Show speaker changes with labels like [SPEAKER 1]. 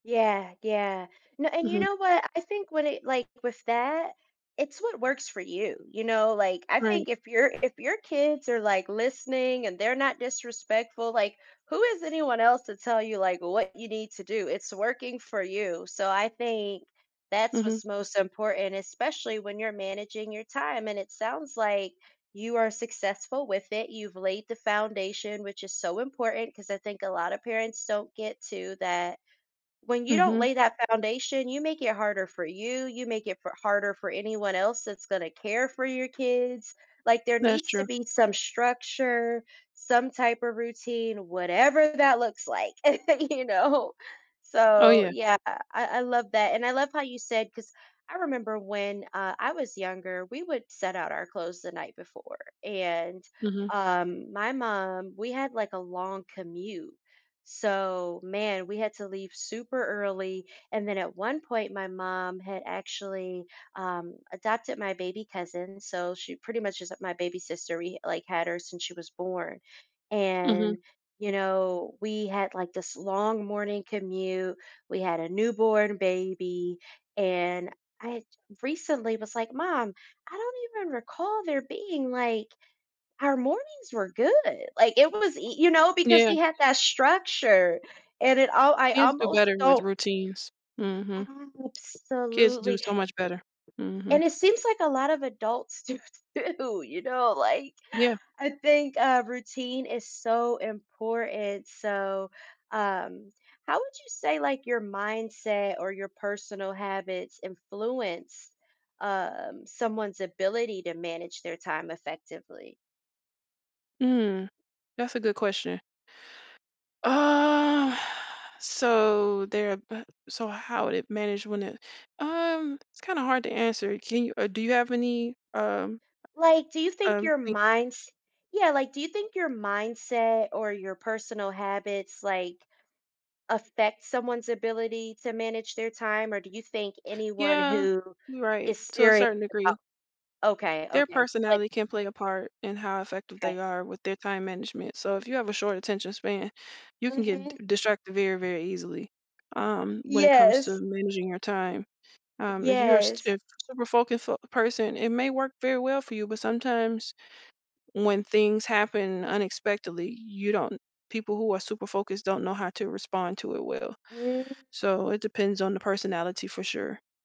[SPEAKER 1] Yeah, yeah. N and you
[SPEAKER 2] Mhm.
[SPEAKER 1] know what, I think with it like with that, it's what works for you. You know, like, I think
[SPEAKER 2] Right.
[SPEAKER 1] if your if your kids are like listening and they're not disrespectful, like, who is anyone else to tell you, like, what you need to do? It's working for you. So I think that's
[SPEAKER 2] Mhm.
[SPEAKER 1] what's most important, especially when you're managing your time. And it sounds like you are successful with it, you've laid the foundation, which is so important 'cause I think a lotta parents don't get to that. When you don't
[SPEAKER 2] Mhm.
[SPEAKER 1] lay that foundation, you make it harder for you, you make it fo harder for anyone else that's gonna care for your kids. Like, there
[SPEAKER 2] That's
[SPEAKER 1] needs to
[SPEAKER 2] true.
[SPEAKER 1] be some structure, some type of routine, whatever that looks like, you know?
[SPEAKER 2] Oh,
[SPEAKER 1] So,
[SPEAKER 2] yeah.
[SPEAKER 1] yeah, I I love that. And I love how you said, 'cause I remember when, uh, I was younger, we would set out our clothes the night before. And,
[SPEAKER 2] Mhm.
[SPEAKER 1] um, my mom, we had like a long commute, so man, we had to leave super early, and then, at one point, my mom had actually, um, adopted my baby cousin, so she pretty much is, uh, my baby sister. We h like had her since she was born.
[SPEAKER 2] Mhm.
[SPEAKER 1] And, you know, we had, like, this long morning commute. We had a newborn baby. And I y recently was like, "Mom, I don't even recall there being, like, our mornings were good." Like, it was y you know, because
[SPEAKER 2] Yeah.
[SPEAKER 1] we had that structure and it all I
[SPEAKER 2] Kids do
[SPEAKER 1] almost
[SPEAKER 2] better with
[SPEAKER 1] don't.
[SPEAKER 2] routines. Mhm. Kids do
[SPEAKER 1] Absolutely.
[SPEAKER 2] so much better. Mhm.
[SPEAKER 1] And it seems like a lot of adults do too, you know, like,
[SPEAKER 2] Yeah.
[SPEAKER 1] I think, uh, routine is so important. So, um, how would you say like your mindset or your personal habits influence, um, someone's ability to manage their time effectively?
[SPEAKER 2] Mm. That's a good question. Uh, so there bu so how would it manage when it um, it's kinda hard to answer. Can you or do you have any, um
[SPEAKER 1] Like, do you think
[SPEAKER 2] Um,
[SPEAKER 1] your
[SPEAKER 2] thi
[SPEAKER 1] minds yeah, like do you think your mindset or your personal habits, like, affect someone's ability to manage their time? Or do you think anyone
[SPEAKER 2] Yeah,
[SPEAKER 1] who
[SPEAKER 2] you right.
[SPEAKER 1] is
[SPEAKER 2] To a
[SPEAKER 1] serious
[SPEAKER 2] certain degree.
[SPEAKER 1] about okay,
[SPEAKER 2] Their
[SPEAKER 1] okay. Like
[SPEAKER 2] personality can play a part in how effective
[SPEAKER 1] 'Kay.
[SPEAKER 2] they are with their time management. So if you have a short attention span, you can get
[SPEAKER 1] Mhm.
[SPEAKER 2] d distracted very, very easily. Um, when it comes to
[SPEAKER 1] Yes.
[SPEAKER 2] managing your time. Um, if you are a st
[SPEAKER 1] Yes.
[SPEAKER 2] if you're a super focused fo person, it may work very well for you, but sometimes when things happen unexpectedly, you don't people who are super focused don't know how to respond to it well.
[SPEAKER 1] Mm.
[SPEAKER 2] So it depends on the personality for sure.